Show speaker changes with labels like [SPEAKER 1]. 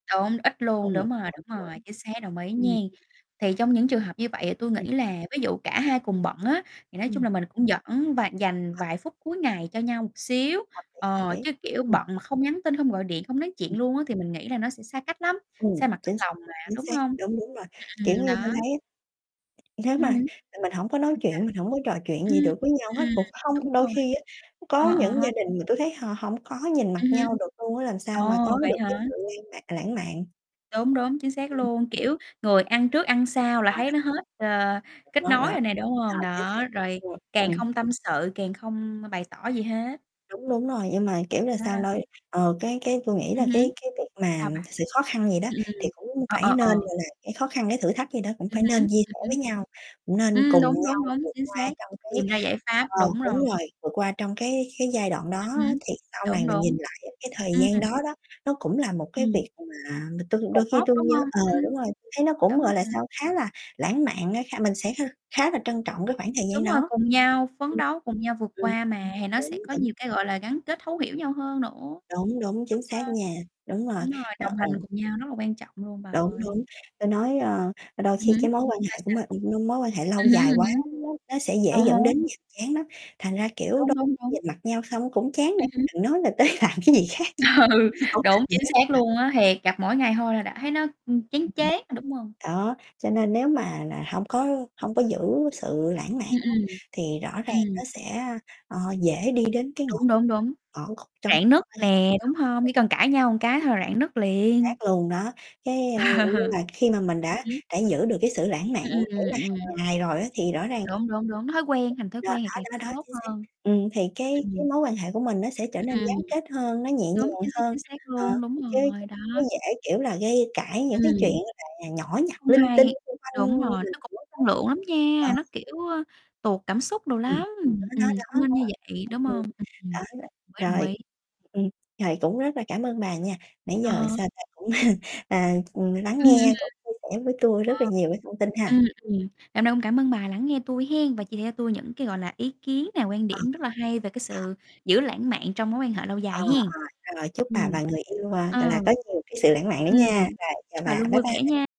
[SPEAKER 1] Đúng, ít luôn,
[SPEAKER 2] Ừm,
[SPEAKER 1] đúng rồi, đúng rồi,
[SPEAKER 2] [unintelligible]
[SPEAKER 1] chính xác, đồng ý
[SPEAKER 2] Ừm.
[SPEAKER 1] nghen. Thì trong những trường hợp như vậy thì tui nghĩ
[SPEAKER 2] Ừm.
[SPEAKER 1] là ví dụ cả
[SPEAKER 2] Ừm.
[SPEAKER 1] hai cùng bận á, thì nói chung
[SPEAKER 2] Ừm.
[SPEAKER 1] là mình cũng dẫn và dành
[SPEAKER 2] À.
[SPEAKER 1] vài phút cuối ngày cho nhau một xíu,
[SPEAKER 2] Hợp lý, hợp
[SPEAKER 1] ờ,
[SPEAKER 2] lý.
[SPEAKER 1] chứ, kiểu,
[SPEAKER 2] Ừm.
[SPEAKER 1] bận mà không nhắn tin, không gọi điện, không nói
[SPEAKER 2] Ừm.
[SPEAKER 1] chuyện luôn á thì mình nghĩ là nó sẽ xa cách lắm,
[SPEAKER 2] Ừm,
[SPEAKER 1] xa mặt cách
[SPEAKER 2] chính xác,
[SPEAKER 1] lòng mà,
[SPEAKER 2] chính
[SPEAKER 1] đúng
[SPEAKER 2] xác,
[SPEAKER 1] hông?
[SPEAKER 2] đúng, đúng rồi,
[SPEAKER 1] Ừm, ừm,
[SPEAKER 2] kiểu
[SPEAKER 1] ừm,
[SPEAKER 2] như, tôi
[SPEAKER 1] đó.
[SPEAKER 2] thấy á Nếu
[SPEAKER 1] Ừm
[SPEAKER 2] mà,
[SPEAKER 1] hứm.
[SPEAKER 2] rồi mình hổng có nói
[SPEAKER 1] Sao, sao?
[SPEAKER 2] chuyện, mình hổng có trò chuyện gì
[SPEAKER 1] Ừm,
[SPEAKER 2] được với nhau hết,
[SPEAKER 1] ừm.
[SPEAKER 2] cũng
[SPEAKER 1] Đúng
[SPEAKER 2] không đôi
[SPEAKER 1] rồi.
[SPEAKER 2] khi á có
[SPEAKER 1] Ờ, ờ
[SPEAKER 2] những
[SPEAKER 1] ha.
[SPEAKER 2] gia đình mà tui thấy họ hổng có nhìn mặt
[SPEAKER 1] Ừm hứm.
[SPEAKER 2] nhau được luôn á làm
[SPEAKER 1] Ồ,
[SPEAKER 2] sao mà có
[SPEAKER 1] vậy
[SPEAKER 2] được cái
[SPEAKER 1] hả?
[SPEAKER 2] sự lan mạ lãng mạn.
[SPEAKER 1] Đúng, đúng, chính xác
[SPEAKER 2] Ừm.
[SPEAKER 1] luôn. Kiểu, người ăn
[SPEAKER 2] Ừm.
[SPEAKER 1] trước, ăn sau là
[SPEAKER 2] Đó,
[SPEAKER 1] thấy
[SPEAKER 2] đó.
[SPEAKER 1] nó hết, ờ,
[SPEAKER 2] [unintelligible]
[SPEAKER 1] kết
[SPEAKER 2] Đó,
[SPEAKER 1] nối
[SPEAKER 2] đó.
[SPEAKER 1] rồi nè, đúng hông?
[SPEAKER 2] Rồi, chính
[SPEAKER 1] Đó,
[SPEAKER 2] xác,
[SPEAKER 1] rồi
[SPEAKER 2] rồi,
[SPEAKER 1] càng
[SPEAKER 2] rồi.
[SPEAKER 1] không tâm sự, càng
[SPEAKER 2] Ừm.
[SPEAKER 1] không m bày tỏ gì hết.
[SPEAKER 2] Đúng, đúng rồi, nhưng mà, kiểu là
[SPEAKER 1] Đó
[SPEAKER 2] sao, nôi
[SPEAKER 1] đó.
[SPEAKER 2] ờ, cái cái tui nghĩ
[SPEAKER 1] Ừm
[SPEAKER 2] là
[SPEAKER 1] hứm.
[SPEAKER 2] cái cái việc mà
[SPEAKER 1] Sao bà?
[SPEAKER 2] sự khó khăn vậy đó
[SPEAKER 1] Ừm, ừm,
[SPEAKER 2] thì cũng
[SPEAKER 1] ờ,
[SPEAKER 2] phải
[SPEAKER 1] ờ,
[SPEAKER 2] nên,
[SPEAKER 1] ờ.
[SPEAKER 2] gọi là, cái khó khăn cái thử thách vậy đó cũng
[SPEAKER 1] Ừm
[SPEAKER 2] phải
[SPEAKER 1] hứm,
[SPEAKER 2] nên chia
[SPEAKER 1] ừm
[SPEAKER 2] sẻ với
[SPEAKER 1] hứm.
[SPEAKER 2] nhau, cũng nên
[SPEAKER 1] Ừm,
[SPEAKER 2] cùng
[SPEAKER 1] đúng, đúng,
[SPEAKER 2] nhau
[SPEAKER 1] đúng,
[SPEAKER 2] vượt
[SPEAKER 1] chính
[SPEAKER 2] qua
[SPEAKER 1] xác,
[SPEAKER 2] trong cái
[SPEAKER 1] tìm ra giải
[SPEAKER 2] ờ,
[SPEAKER 1] pháp, đúng
[SPEAKER 2] đúng
[SPEAKER 1] rồi.
[SPEAKER 2] rồi vượt qua trong cái cái giai đoạn đó
[SPEAKER 1] Ừm hứm,
[SPEAKER 2] á thì sau này
[SPEAKER 1] đúng,
[SPEAKER 2] mình nhìn
[SPEAKER 1] đúng.
[SPEAKER 2] lại cái thời
[SPEAKER 1] Ừm.
[SPEAKER 2] gian đó đó nó cũng là một cái
[SPEAKER 1] Ừm.
[SPEAKER 2] việc mà mà tui
[SPEAKER 1] Cột
[SPEAKER 2] đôi khi
[SPEAKER 1] mốc,
[SPEAKER 2] tui
[SPEAKER 1] đúng
[SPEAKER 2] nhớ
[SPEAKER 1] hông?
[SPEAKER 2] ờ
[SPEAKER 1] Ừm.
[SPEAKER 2] đúng rồi tui thấy nó cũng,
[SPEAKER 1] Đúng
[SPEAKER 2] gọi là
[SPEAKER 1] rồi.
[SPEAKER 2] sao, khá là lãng mạn á kh mình sẽ kh khá là trân trọng cái khoảng thời gian
[SPEAKER 1] Đúng rồi
[SPEAKER 2] đó.
[SPEAKER 1] cùng nhau, phấn
[SPEAKER 2] Ừm.
[SPEAKER 1] đấu cùng nhau vượt
[SPEAKER 2] Ừm.
[SPEAKER 1] qua mà, thì nó
[SPEAKER 2] Đúng,
[SPEAKER 1] sẽ có
[SPEAKER 2] đúng.
[SPEAKER 1] nhiều cái, gọi là, gắn kết thấu hiểu nhau hơn nữa,
[SPEAKER 2] Đúng, đúng, chính
[SPEAKER 1] đúng hông?
[SPEAKER 2] xác nha, đúng rồi,
[SPEAKER 1] Đúng rồi,
[SPEAKER 2] ơ,
[SPEAKER 1] đồng hành
[SPEAKER 2] ồ.
[SPEAKER 1] cùng nhau rất là quan trọng luôn bà
[SPEAKER 2] Đúng,
[SPEAKER 1] ơi.
[SPEAKER 2] đúng, ta nói, ơ, đôi
[SPEAKER 1] Ừ
[SPEAKER 2] khi
[SPEAKER 1] hứm,
[SPEAKER 2] cái mối quan
[SPEAKER 1] sao,
[SPEAKER 2] hệ của
[SPEAKER 1] sao?
[SPEAKER 2] m ưm, mối quan hệ lâu
[SPEAKER 1] Ừm hứm,
[SPEAKER 2] dài
[SPEAKER 1] ừm
[SPEAKER 2] quá
[SPEAKER 1] hứm.
[SPEAKER 2] nó nó sẽ
[SPEAKER 1] À
[SPEAKER 2] dễ
[SPEAKER 1] há.
[SPEAKER 2] dẫn đến nhàm chán lắm, thành ra, kiểu,
[SPEAKER 1] Đúng,
[SPEAKER 2] đôi
[SPEAKER 1] đúng,
[SPEAKER 2] nhìn
[SPEAKER 1] đúng.
[SPEAKER 2] mặt nhau xong cũng chán nữa,
[SPEAKER 1] Ừm hứm.
[SPEAKER 2] chứ đừng nói là tới làm cái gì khác [unintelligible]
[SPEAKER 1] Ừ,
[SPEAKER 2] hổng
[SPEAKER 1] đúng,
[SPEAKER 2] làm gì
[SPEAKER 1] chính
[SPEAKER 2] hết,
[SPEAKER 1] xác luôn á,
[SPEAKER 2] à.
[SPEAKER 1] thiệt, gặp mỗi ngày thôi là đã thấy nó, ừm, chán
[SPEAKER 2] Ừm, ừm.
[SPEAKER 1] chán, đúng hông?
[SPEAKER 2] Đó, cho nên nếu mà nà hông có hông có giữ sự lãng mạn
[SPEAKER 1] Ừm,
[SPEAKER 2] á
[SPEAKER 1] ừm.
[SPEAKER 2] thì rõ ràng nó
[SPEAKER 1] Ừm.
[SPEAKER 2] sẽ, ờ, dễ đi đến cái ngõ
[SPEAKER 1] Đúng, đúng, đúng,
[SPEAKER 2] ngõ cụt trong
[SPEAKER 1] rạn
[SPEAKER 2] mối
[SPEAKER 1] nứt
[SPEAKER 2] quan [unintelligible] chính
[SPEAKER 1] nè, đúng hông? Chỉ cần cãi nhau cái thôi là rạn nứt
[SPEAKER 2] xác
[SPEAKER 1] liền.
[SPEAKER 2] luôn đó cái ờ, ờ, nhưng mà khi mà mình
[SPEAKER 1] Ừm
[SPEAKER 2] đã
[SPEAKER 1] hứm.
[SPEAKER 2] đã giữ được cái sự lãng mạn
[SPEAKER 1] Ừm,
[SPEAKER 2] kiểu
[SPEAKER 1] ừm,
[SPEAKER 2] là
[SPEAKER 1] ừm.
[SPEAKER 2] hàng ngày rồi á thì rõ ràng cái cái
[SPEAKER 1] Đúng, đúng, đúng, thói quen, thành thói
[SPEAKER 2] vụ đó,
[SPEAKER 1] quen thì càng
[SPEAKER 2] đó,
[SPEAKER 1] sẽ
[SPEAKER 2] đó, đó,
[SPEAKER 1] tốt
[SPEAKER 2] chính xác.
[SPEAKER 1] hơn.
[SPEAKER 2] Ừm, thì cái cái
[SPEAKER 1] Ừm.
[SPEAKER 2] mối quan hệ của mình nó sẽ trở
[SPEAKER 1] Ừm,
[SPEAKER 2] nên
[SPEAKER 1] ừm.
[SPEAKER 2] gắn kết hơn, nó nhẹ
[SPEAKER 1] Đúng,
[SPEAKER 2] nhàng
[SPEAKER 1] chính xác,
[SPEAKER 2] hơn,
[SPEAKER 1] chính xác
[SPEAKER 2] ờ,
[SPEAKER 1] luôn, đúng
[SPEAKER 2] chứ chứ
[SPEAKER 1] rồi, đó.
[SPEAKER 2] nó dễ, kiểu là, gây cãi những cái chuyện
[SPEAKER 1] Ừm.
[SPEAKER 2] như là nhỏ
[SPEAKER 1] Nó
[SPEAKER 2] nhặt,
[SPEAKER 1] hông
[SPEAKER 2] linh
[SPEAKER 1] hay,
[SPEAKER 2] tinh xung
[SPEAKER 1] đúng
[SPEAKER 2] quanh
[SPEAKER 1] rồi,
[SPEAKER 2] mình
[SPEAKER 1] nó cũng mất năng
[SPEAKER 2] [unintelligible]
[SPEAKER 1] lượng lắm
[SPEAKER 2] ờ.
[SPEAKER 1] nha, nó kiểu, ơ, tụt cảm xúc đồ
[SPEAKER 2] Ừm,
[SPEAKER 1] lắm, ừm,
[SPEAKER 2] đó, đó,
[SPEAKER 1] ừm,
[SPEAKER 2] đó,
[SPEAKER 1] không nên như
[SPEAKER 2] đó.
[SPEAKER 1] vậy, đúng
[SPEAKER 2] Ừm, ừm.
[SPEAKER 1] không? Ừm, đồng
[SPEAKER 2] Đó r
[SPEAKER 1] ý, đồng
[SPEAKER 2] rồi,
[SPEAKER 1] ý.
[SPEAKER 2] ừm, rồi cũng rất là cảm ơn bà nha, nãy
[SPEAKER 1] À
[SPEAKER 2] giờ,
[SPEAKER 1] ha.
[SPEAKER 2] sao ta, cũng à, lắng
[SPEAKER 1] Ừm, ừm. Ờ.
[SPEAKER 2] nghe cũng chia sẻ với tui rất là nhiều cái thông tin ha.
[SPEAKER 1] Ừm, ừm, ngày hôm nay cũng cảm ơn bà lắng nghe tui hén và chia cho tui những cái, gọi là, ý kiến này, quan
[SPEAKER 2] Ờ.
[SPEAKER 1] điểm rất là hay về cái
[SPEAKER 2] Ờ.
[SPEAKER 1] sự giữ lãng mạn trong mối quan hệ lâu
[SPEAKER 2] Ờ,
[SPEAKER 1] dài hén.
[SPEAKER 2] ờ, rồi chúc bà
[SPEAKER 1] Ừm.
[SPEAKER 2] và người yêu, à, gọi là,
[SPEAKER 1] Ờ.
[SPEAKER 2] có nhiều cái sự lãng mạn nữa
[SPEAKER 1] Ừm,
[SPEAKER 2] nha, rồi chào
[SPEAKER 1] chúc bà
[SPEAKER 2] bà,
[SPEAKER 1] luôn
[SPEAKER 2] bye
[SPEAKER 1] vui vẻ
[SPEAKER 2] bye.
[SPEAKER 1] nha.